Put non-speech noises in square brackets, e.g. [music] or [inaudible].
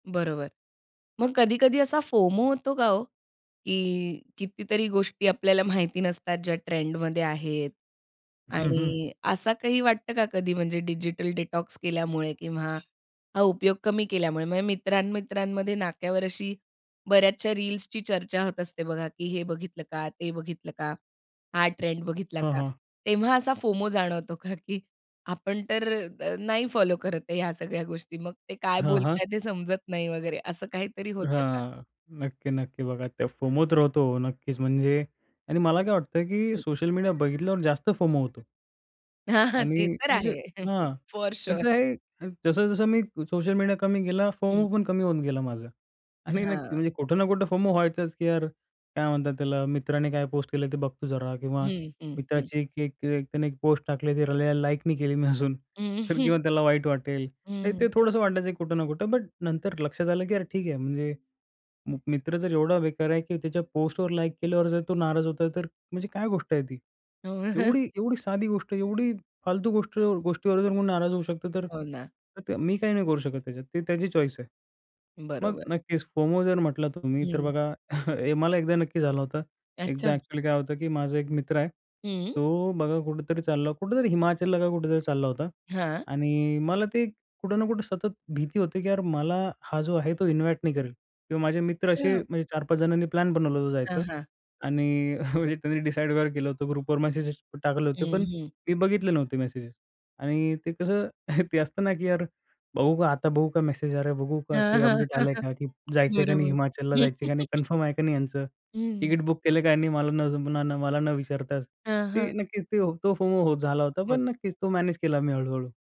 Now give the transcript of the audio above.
बरोबर. मग कधी-कधी असा फोमो होतो का हो? की कितीतरी गोष्टी आपल्याला माहिती नसतात, ज्या ट्रेंडमध्ये आहेत हं, हं. आणि असं काही वाटतं का कधी म्हणजे डिजिटल डिटॉक्स केल्यामुळे किंवा हा उपयोग कमी केल्यामुळे म्हणजे मित्रांमित्रांमध्ये नाक्यावर अशी बऱ्याचशा रील्सची चर्चा होत असते, बघा की "हे बघितलं का, ते बघितलं का? हा ट्रेंड बघितला हां, का?" हां. तेव्हा असा फोमो जाणवतो का की आपण तर अ, नाही फॉलो करत आहे ह्या सगळ्या गोष्टी. मग ते काय हां, हां. बोलतायेत ते समजत नाही वगैरे. असं काहीतरी होतं का? हां. नक्की-नक्की. बघा ते फोमो तर होतो हो, नक्कीच म्हणजे आणि मला काय की वाटतंय की हं. सोशल मीडिया बघितल्यावर जास्त फोमो होतो. हां, हां. ते आणि तर म्हणजे आहे. [chuckles] हां, फॉअर कसं शुअर. आहे. अ, जसं-जसं मी सोशल मीडिया कमी केला, फोमो हं. पण कमी होऊन गेला माझा आणि [chuckles] नक्की हां. म्हणजे कुठं ना कुठं फोमो व्हायचाच की यार, काय म्हणतात त्याला मित्राने काय पोस्ट केलं ते बघतो जरा किंवा हं, हं, हं. मित्राची एक एक एक त्यानी एक पोस्ट टाकली. ते [unintelligible] लाईक नाही केली मी अजून. अ, तर किंवा हं. त्याला वाईट वाटेल. म्हणजे हं. ते थोडंसं वाटायचं कुठं ना कुठं बट नंतर लक्षात आलं की यार ठीक आहे. म्हणजे म मित्र जर एवढा बेकार आहे की त्याच्या पोस्टवर लाईक केल्यावर जर तो नाराज होताय, तर म्हणजे काय गोष्ट आहे ती. [chuckles] एवढी-एवढी साधी गोष्ट आहे एवढी फालतू गोष्ट गोष्टीवर जर कोणी नाराज होऊ शकतो तर, हो ना. तर त्या मी काही नाही करू शकत त्याच्यात. ते त्याची चॉईस आहे. मग बरोबर. नक्कीच फोमो जर म्हटला तुम्ही तर हं. बघा [chuckles] हे मला एकदा नक्की झालं होता. एकदा अच्छा. एक्चुअली काय होतं की माझा एक मित्र आहे. हं. तो बघा कुठेतरी चालला, कुठेतरी हिमाचलला का कुठेतरी चालला होता हां. आणि मला ते कुठे ना कुठे सतत भीती होती की यार मला हा जो आहे तो इन्व्हाईट नाही करेल किंवा माझे मित्र असे [unintelligible] म्हणजे 4-5 जणांनी प्लॅन बनवला होता जायचा हां, हां. आणि [chuckles] म्हणजे त्यांनी डिसाईड वगैरे केलं होतं. ग्रुपवर मेसेजेस टाकले हं, होते. पण हं. मी बघितले नव्हते मेसेजेस आणि ते कसं [chuckles] अ, ते असतं ना की यार बघू का आता? बघू का मेसेज? अरे बघू का? हां, काही हां. अपडेट हं, आलंय हं. का की जायचं आहे का नाही? बरोबर. हिमाचलला जायचं आहे का नाही? [chuckles] कन्फर्म आहे का नाही यांचं? हं. तिकीट बुक केलं का ह्यांनी, मला न पुन्हा न सांगता, मला न विचारताच? हां, ते हां. नक्कीच ते हो तो फोमो झाला होता पण मग? नक्कीच तो मॅनेज केला मी हळू-हळू.